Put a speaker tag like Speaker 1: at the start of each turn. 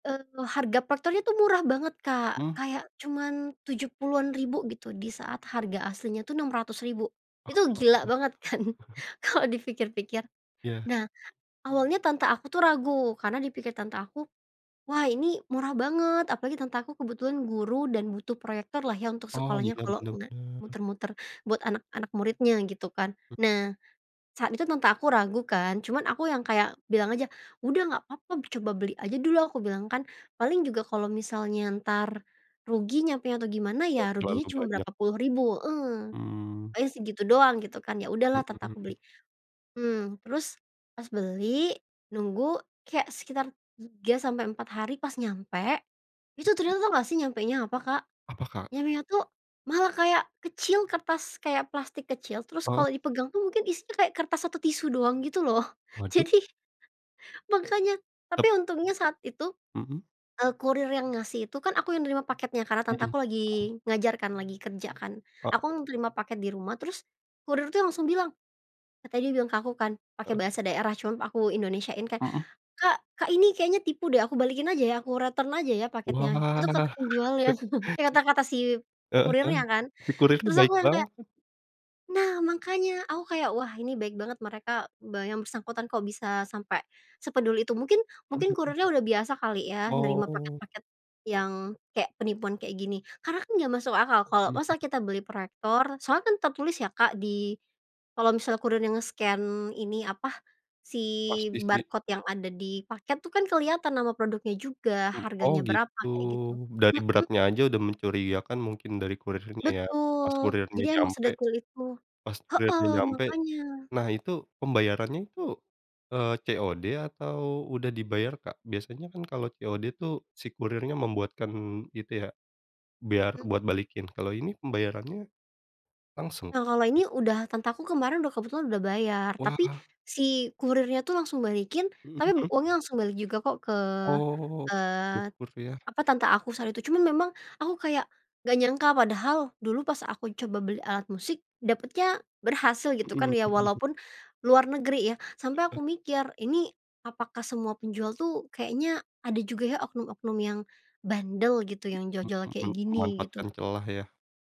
Speaker 1: Eee, harga proyektor tuh murah banget, Kak,
Speaker 2: Mmm.
Speaker 1: kayak cuman Rp70.000-an gitu di saat harga aslinya tuh Rp.600.000. Itu gila banget kan?
Speaker 2: [unintelligible]
Speaker 1: Kalau dipikir-pikir.
Speaker 2: Iya.
Speaker 1: Nah awalnya tante aku tuh ragu karena dipikir tante aku, "Wah ini murah banget," apalagi tante aku kebetulan guru dan butuh proyektor lah ya untuk
Speaker 2: Oh
Speaker 1: sekolahnya
Speaker 2: iya,
Speaker 1: kalau
Speaker 2: bener
Speaker 1: nggak,
Speaker 2: bener.
Speaker 1: muter-muter, buat anak-anak muridnya gitu kan.
Speaker 2: Mhm.
Speaker 1: Nah saat itu tante aku ragu kan cuman aku yang kayak bilang aja, "Udah nggak apa-apa coba beli aja dulu," aku bilang kan, "Paling juga kalau misalnya ntar rugi nyampenya, atau gimana ya ruginya
Speaker 2: Terlalu
Speaker 1: cuma
Speaker 2: banyak.
Speaker 1: berapa puluh ribu" heeh,
Speaker 2: Mmm.
Speaker 1: pokoknya segitu doang gitu kan, ya
Speaker 2: Mhm
Speaker 1: udahlah tante aku beli,
Speaker 2: mhm.
Speaker 1: mmm, terus, pas beli nunggu kayak sekitar 3 sampai 4 hari pas nyampe itu
Speaker 2: [unintelligible]
Speaker 1: ternyata tau gak sih nyampenya apa, Kak?
Speaker 2: Apa, Kak?
Speaker 1: Nyampenya tuh malah kayak kecil kertas kayak plastik kecil, terus
Speaker 2: Heeh.
Speaker 1: kalau dipegang tuh mungkin isinya kayak kertas atau tisu doang gitu loh,
Speaker 2: Waduh.
Speaker 1: jadi makannya,
Speaker 2: Tep
Speaker 1: tapi untungnya saat itu,
Speaker 2: Mhm.
Speaker 1: eee, kurir yang ngasih itu kan aku yang nerima paketnya karena
Speaker 2: Mhm
Speaker 1: tante aku
Speaker 2: mhm.
Speaker 1: lagi ngajar kan, lagi kerja kan.
Speaker 2: Ok
Speaker 1: Aku yang nerima paket di rumah terus, kurir tuh langsung bilang tadi dia bilang ke aku kan,
Speaker 2: A
Speaker 1: pakai bahasa daerah cuma aku Indonesia-in kan,
Speaker 2: Mhm.
Speaker 1: "Kak Kak, ini kayaknya tipu deh aku balikin aja ya aku return aja ya paketnya, itu
Speaker 2: Wah!
Speaker 1: ke penjualnya." Eh, kata-kata si
Speaker 2: Heeh heeh,
Speaker 1: kurirnya kan,
Speaker 2: si kurir nya
Speaker 1: terus
Speaker 2: baik
Speaker 1: aku yang kayak
Speaker 2: banget.
Speaker 1: nah, makanya aku kayak wah ini baik banget mereka be yang bersangkutan kok bisa sampai sepeduli itu, mungkin
Speaker 2: Mhm
Speaker 1: mungkin
Speaker 2: mhm.
Speaker 1: kurirnya udah biasa kali ya nerima
Speaker 2: Oh.
Speaker 1: paket-paket yang kayak penipuan kayak gini, karena kan gak masuk akal, kalau
Speaker 2: Mhm
Speaker 1: masa
Speaker 2: mhm.
Speaker 1: kita beli proyektor, soalnya kan tertulis ya, Kak di kalau misalnya kurirnya nge-scan, ini apa si
Speaker 2: Pasti sih.
Speaker 1: barcode yang ada di paket tuh kan kelihatan nama produknya juga
Speaker 2: Oh
Speaker 1: harganya berapa
Speaker 2: gitu,
Speaker 1: kayak gitu,
Speaker 2: dari
Speaker 1: mhm.
Speaker 2: beratnya aja udah mencurigakan mungkin dari kurirnya ya, pas
Speaker 1: Betul,
Speaker 2: kurirnya
Speaker 1: jadi emang
Speaker 2: nyampe
Speaker 1: sedetail itu
Speaker 2: pas kurirnya
Speaker 1: heeh,
Speaker 2: nyampe,
Speaker 1: makanya.
Speaker 2: nah itu pembayarannya itu, eee, COD atau udah dibayar, Kak? Biasanya kan kalau COD tuh si kurirnya membuatkan itu ya, biar buat
Speaker 1: Mhm.
Speaker 2: balikin. Kalau ini pembayarannya langsung?
Speaker 1: Nah, kalau ini udah tante ku kemarin udah kebetulan udah bayar, tapi
Speaker 2: Wah.
Speaker 1: si kurirnya itu langsung balikin
Speaker 2: Mhm
Speaker 1: tapi
Speaker 2: mhm.
Speaker 1: uangnya langsung balik juga kok ke,
Speaker 2: Oh,
Speaker 1: eee,
Speaker 2: syukur ya.
Speaker 1: apa, tante aku saat itu cuman memang aku kayak gak nyangka padahal dulu pas aku coba beli alat musik dapatnya berhasil gitu
Speaker 2: Mhm
Speaker 1: kan,
Speaker 2: mhm
Speaker 1: ya
Speaker 2: mhm.
Speaker 1: walaupun luar negeri ya. Sampai
Speaker 2: Heeh.
Speaker 1: aku mikir ini apakah semua penjual tuh kayaknya ada juga ya oknum-oknum yang bandel gitu yang
Speaker 2: Mhm
Speaker 1: jual-jual kayak
Speaker 2: mhm,
Speaker 1: gini, gitu.
Speaker 2: manfaatkan celah lah ya.